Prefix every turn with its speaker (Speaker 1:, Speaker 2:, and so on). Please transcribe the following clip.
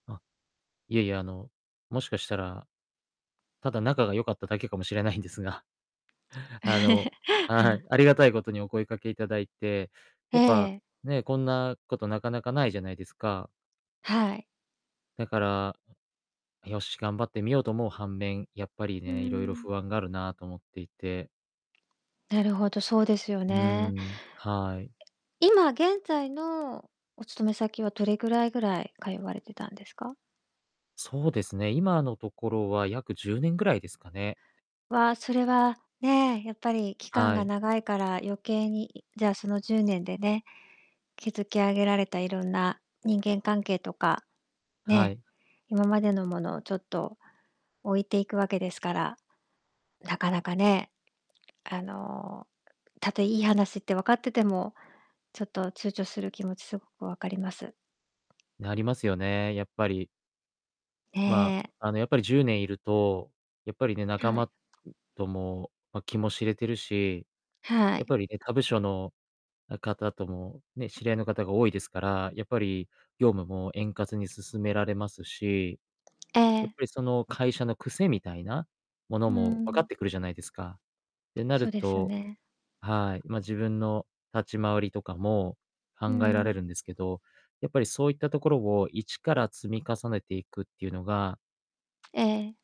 Speaker 1: あ、いえいえ、あの、もしかしたら、ただ仲が良かっただけかもしれないんですが。あの、ああ、あり がたいことにお声かけ頂いて、
Speaker 2: え
Speaker 1: やっぱ、
Speaker 2: え。
Speaker 1: ね、こんなことなかなかないじゃないですか。
Speaker 2: はい。
Speaker 1: だから、よし頑張ってみようと思う反面、やっぱり
Speaker 2: うー
Speaker 1: ね、色々
Speaker 2: ん。
Speaker 1: 不安があるなと思っていて。
Speaker 2: なるほど、そうですよ
Speaker 1: う
Speaker 2: ね。
Speaker 1: ん、はい。
Speaker 2: 今現在のお勤め先はどれぐらいぐらい通われてたんですか？
Speaker 1: そうですね。今のところは約10年ぐらいですかね。
Speaker 2: は、それはね、やっぱり期間
Speaker 1: は
Speaker 2: が
Speaker 1: い。
Speaker 2: 長いから余計に、じゃあ、その10年でね、築き上げられた色んな人間関係とか
Speaker 1: は
Speaker 2: ね、
Speaker 1: い。
Speaker 2: 今までのものをちょっと置いていくわけですから、なかなかね、あの、たとえいい話って分かってても、ちょっと躊躇する気持ちすごく分かります。
Speaker 1: なりますよね、やっぱり。
Speaker 2: え
Speaker 1: ま、
Speaker 2: え。
Speaker 1: あの、やっぱり10年居ると、やっぱりね、仲
Speaker 2: は
Speaker 1: 間、
Speaker 2: い。
Speaker 1: んとも、ま、気も知れてるし、
Speaker 2: は
Speaker 1: やっ
Speaker 2: い。
Speaker 1: ぱりね、他部署の方ともね、知り合いの方が多いですから、やっぱり、業務も円滑に進められますし。
Speaker 2: え
Speaker 1: やっぱ
Speaker 2: え。
Speaker 1: り、その会社の癖みたいなもの
Speaker 2: う
Speaker 1: も分かっ
Speaker 2: ん。
Speaker 1: てくるじゃないですか。ってなる
Speaker 2: そうですよ
Speaker 1: と
Speaker 2: ね。
Speaker 1: はい、ま、自分の立ち回りとかも
Speaker 2: う
Speaker 1: 考えられ
Speaker 2: ん。
Speaker 1: るんですけど、やっぱり、そういったところを一から積み重ねていくっていうのが
Speaker 2: ええ。